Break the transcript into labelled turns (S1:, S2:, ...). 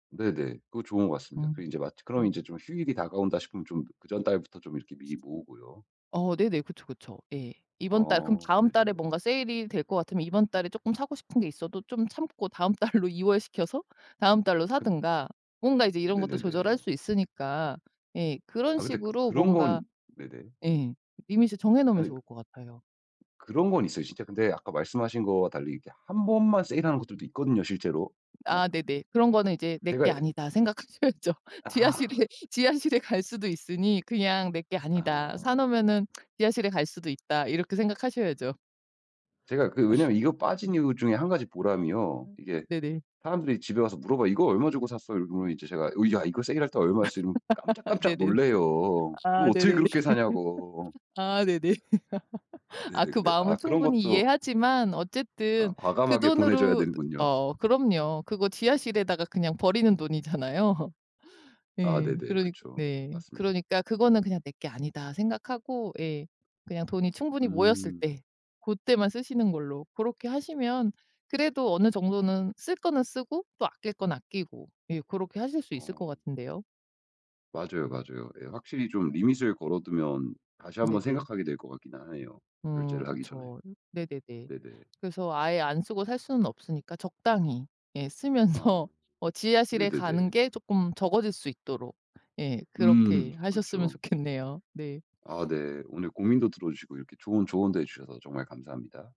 S1: 네네. 그거 좋은 것 같습니다. 그리고
S2: 음
S1: 인제 마지 그럼
S2: 음.
S1: 인제 좀 휴일이 다가온다 싶으면 좀 그 전달부터 좀 이렇게 미리 모으고요.
S2: 어 네네. 그쵸, 그쵸. 예. 이번 달 그럼
S1: 아
S2: 다음 달에
S1: 네네.
S2: 뭔가 세일이 될 것 같으면 이번 달에 쪼끔 사고 싶은 게 있어도 좀 참고 다음 달로 이월시켜서 다음 달로
S1: 근
S2: 사든가 뭔가 이제 이런 것도 조절할
S1: 네네네.
S2: 수 있으니까 예 그런
S1: 아 근데
S2: 식으로
S1: 그런
S2: 뭔가
S1: 건 네네.
S2: 예. 리밋을 정해 놓으면
S1: 아니
S2: 좋을 것 같아요.
S1: 그런 건 있어요. 진짜 근데 아까 말씀하신 거와 달리 이렇게 1 번만 세일하는 것들도 있거든요, 실제로. 막
S2: 아 네네. 그런 거는 이제 '내
S1: 제가
S2: 게
S1: 에
S2: 아니다.' 생각하셔야죠.
S1: 아.
S2: 지하실에 지하실에 갈 수도 있으니 그냥 '내 게 아니다. 사
S1: 아.
S2: 놓으면은 지하실에 갈 수도 있다.' 이렇게 생각하셔야죠.
S1: 제가 그 왜냐하면 이거 빠진 이유 중에 1 가지 보람이요.
S2: 음
S1: 이게
S2: 네네.
S1: 사람들이 집에 와서 물어봐요. "이거 얼마 주고 샀어?" 이러면은 이제 제가 "어 야 이거 세일할 때 얼마였어." 이러면 깜짝깜짝
S2: 네네.
S1: 놀라요. 그거
S2: 아
S1: 어떻게
S2: 네네네.
S1: 그렇게 사냐고.
S2: 아 네네.
S1: 네네.
S2: 아 그
S1: 근데 아
S2: 마음은
S1: 그런
S2: 충분히
S1: 것도
S2: 이해하지만
S1: 아
S2: 어쨌든 그
S1: 과감하게 보내줘야
S2: 돈으로
S1: 되는군요.
S2: 어 그럼요. 그거 지하실에다가 그냥 버리는 돈이잖아요.
S1: 아
S2: 예.
S1: 네네.
S2: 그러니까
S1: 그쵸.
S2: 네.
S1: 맞습니다.
S2: 그러니까 그거는 그냥 '내 게 아니다.' 생각하고 예. 그냥 돈이 충분히 모였을
S1: 음.
S2: 때 고때만 쓰시는 걸로 고렇게 하시면 그래도 어느 정도는 쓸 거는 쓰고 또 아낄 건 아끼고 예 고렇게 하실 수 있을 것
S1: 어.
S2: 같은데요.
S1: 맞아요, 맞아요. 예. 확실히 좀 리밋을 걸어두면 다시 한번
S2: 네네.
S1: 생각하게 될 것 같긴 하네요,
S2: 음
S1: 결제를 하기 전에.
S2: 그쵸. 네네네.
S1: 네네.
S2: 그래서 아예 안 쓰고 살 수는 없으니까 적당히 예
S1: 아
S2: 쓰면서 어 지하실에
S1: 네네네.
S2: 가는 게 쪼끔 적어질 수 있도록 예
S1: 음.
S2: 그렇게 하셨으면
S1: 그쵸.
S2: 좋겠네요. 네.
S1: 아 네. 오늘 고민도 들어주시고 이렇게 좋은 조언도 해 주셔서 정말 감사합니다.